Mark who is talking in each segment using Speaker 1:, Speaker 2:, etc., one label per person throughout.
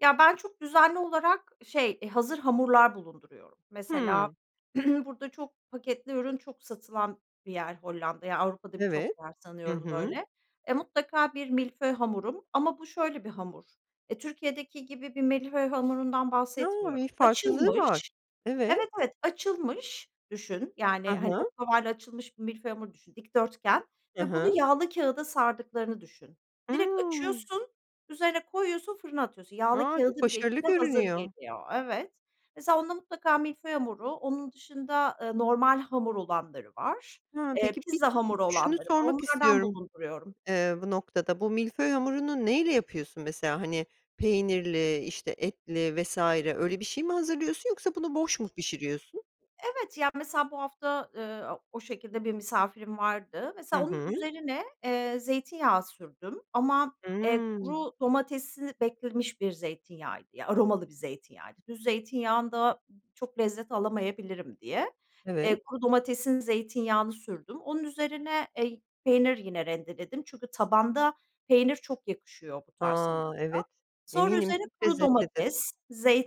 Speaker 1: Ya, ben çok düzenli olarak, şey, eee, hazır hamurlar bulunduruyorum. Mesela
Speaker 2: Hımm.
Speaker 1: burada çok paketli ürün çok satılan bir yer Hollanda, ya, Avrupa'da birçok
Speaker 2: Evet.
Speaker 1: yer
Speaker 2: Hı
Speaker 1: sanıyorum
Speaker 2: hı.
Speaker 1: böyle. E, mutlaka bir milföy hamurum ama bu şöyle bir hamur, eee, Türkiye'deki gibi bir milföy hamurundan
Speaker 2: A!
Speaker 1: bahsetmiyorum.
Speaker 2: Bir farklılığı var.
Speaker 1: Açılmış
Speaker 2: Evet.
Speaker 1: Evet, evet, açılmış düşün,
Speaker 2: Hı
Speaker 1: yani, hani,
Speaker 2: hı.
Speaker 1: oklavayla açılmış bir milföy hamur düşün, dikdörtgen
Speaker 2: Hı
Speaker 1: ve bunu
Speaker 2: hı.
Speaker 1: yağlı kağıda sardıklarını düşün. Direkt
Speaker 2: Hıı.
Speaker 1: açıyorsun, üzerine koyuyorsun, fırına atıyorsun. Yağlı
Speaker 2: A! Çok
Speaker 1: kağıdı bile
Speaker 2: başarılı
Speaker 1: içinde hazır
Speaker 2: görünüyor.
Speaker 1: geliyor. Evet. Mesela onda mutlaka milföy hamuru, onun dışında, ııı, normal hamur olanları var.
Speaker 2: Ha,
Speaker 1: Eee,
Speaker 2: peki bir
Speaker 1: pizza
Speaker 2: ı ı
Speaker 1: hamuru
Speaker 2: şunu
Speaker 1: olanları var.
Speaker 2: sormak
Speaker 1: Onlardan
Speaker 2: istiyorum,
Speaker 1: bulunduruyorum.
Speaker 2: eee, bu noktada. Bu milföy hamurunu neyle yapıyorsun mesela, hani, peynirli, işte, etli vs. öyle bir şey mi hazırlıyorsun yoksa bunu boş mu pişiriyorsun?
Speaker 1: Evet, ya, mesela bu hafta, ııı, a o şekilde bir misafirim vardı.
Speaker 2: Hı
Speaker 1: Mesela onun
Speaker 2: hı.
Speaker 1: üzerine, eee, zeytinyağı sürdüm ama, eee,
Speaker 2: Hıı.
Speaker 1: kuru domatesli beklemiş bir zeytinyağıydı, ya, aromalı bir zeytinyağıydı. Düz zeytinyağında çok lezzet alamayabilirim diye,
Speaker 2: Evet.
Speaker 1: eee, kuru domatesin zeytinyağını sürdüm. Onun üzerine, ey peynir yine rendeledim çünkü tabanda peynir çok yakışıyor bu tarz hamura.
Speaker 2: A! Evet.
Speaker 1: Sonra
Speaker 2: Eminim
Speaker 1: üzerine
Speaker 2: çok
Speaker 1: kuru
Speaker 2: lezzetlidir.
Speaker 1: domates,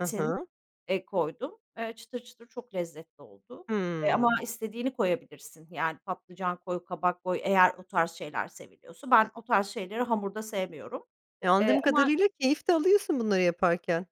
Speaker 2: Hı hı.
Speaker 1: eee, koydum. Eee, çıtır çıtır, çok lezzetli oldu. Eee, ama
Speaker 2: Hımm.
Speaker 1: istediğini koyabilirsin yani patlıcan koy, kabak koy eğer o tarz şeyler seviliyorsa. Ben o tarz şeyleri hamurda sevmiyorum.
Speaker 2: E,
Speaker 1: Eee
Speaker 2: anladığım
Speaker 1: ama
Speaker 2: kadarıyla keyif de alıyorsun bunları yaparken.